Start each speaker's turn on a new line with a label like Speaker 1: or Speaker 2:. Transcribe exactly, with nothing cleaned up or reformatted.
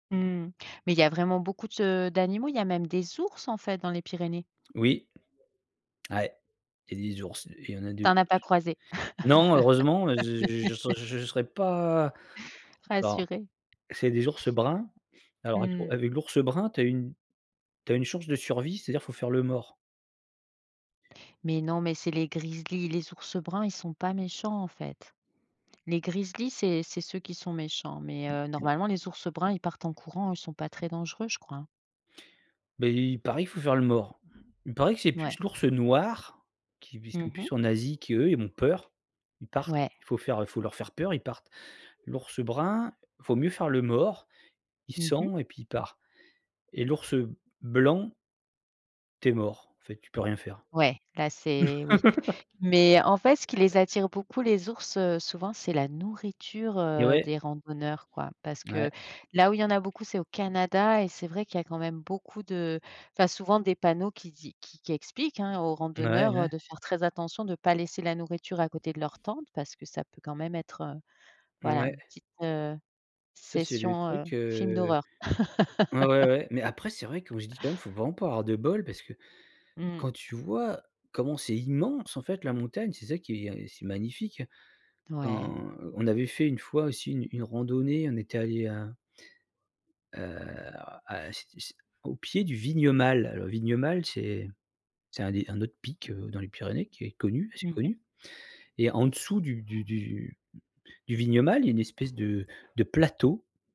Speaker 1: Mmh. Mais il y a vraiment beaucoup de d'animaux. Il y a même des ours, en fait, dans les Pyrénées.
Speaker 2: Oui. Ouais. Il y a des ours, heu et il y en a deux en
Speaker 1: Tu en as
Speaker 2: plus.
Speaker 1: pas croisé.
Speaker 2: Non, heureusement j je j je serais pas non.
Speaker 1: Rassurée.
Speaker 2: C'est des ours bruns. Alors, avec
Speaker 1: Mmh.
Speaker 2: avec l'ours brun, tu as une tu as une chance de survie, c'est-à-dire faut faire le mort.
Speaker 1: Mais non mais c'est les grizzlis, les ours bruns ils sont pas méchants, en fait. Les grizzlis c'est c'est ceux qui sont méchants, mais heu, normalement les ours bruns ils partent en courant, eux, ils sont pas très dangereux je crois, hein.
Speaker 2: Beh, il paraît qu'il faut faire le mort. Il paraît que c'est plus
Speaker 1: Ouais.
Speaker 2: l'ours noir qui vi
Speaker 1: Mmh
Speaker 2: sont plus
Speaker 1: mh.
Speaker 2: plus en Asie, qu'eux ils ont peur. Ils partent,
Speaker 1: Ouais.
Speaker 2: faut faire, heu, faut leur faire peur, ils partent. L'ours brun, il vaut mieux faire le mort, il
Speaker 1: Mmh mh.
Speaker 2: sent et puis il part et l'ours, heu, blanc tu es mort, en fait, tu peux rien faire.
Speaker 1: Ouais là c'est oui, mais en fait, ce qui les attire beaucoup les ours, heu, souvent c'est la nourriture,
Speaker 2: Eh
Speaker 1: heu,
Speaker 2: ouais.
Speaker 1: des randonneurs, quoi. Parce
Speaker 2: Ouais.
Speaker 1: que, là où il y en a beaucoup, c'est au Canada et c'est vrai qu'il y a quand même beaucoup de tu as souvent des panneaux qui dit qui qui qui expliquent, hein, aux
Speaker 2: Bah, ouais,
Speaker 1: randonneurs
Speaker 2: ouais.
Speaker 1: de faire très attention de pas laisser la nourriture à côté de leur tente parce que ça peut, quand même, être, heu, voilà,
Speaker 2: Mouais.
Speaker 1: une petite, heu,
Speaker 2: Ça, c'est le
Speaker 1: session, heu,
Speaker 2: truc,
Speaker 1: film
Speaker 2: heu,
Speaker 1: d'horreur.
Speaker 2: ouais, ouais, ouais mais après, c'est vrai quand je dis quand même, faut vraiment pas avoir de bol parce que,
Speaker 1: Mmh.
Speaker 2: quand tu vois comment c'est immense, en fait, la montagne, c'est ça qui est c'est magnifique.
Speaker 1: Ouais.
Speaker 2: On on avait fait une fois aussi une une randonnée, on était allés à heu, alors a c'ét c'é au pied du Vignemale. Le Vignemale c'est c'est un des un autre pic, heu, dans les Pyrénées qui est connu, assez
Speaker 1: Mmh mh.
Speaker 2: connu et en dessous du du du du Vignemale, il y a une espèce de de plateau.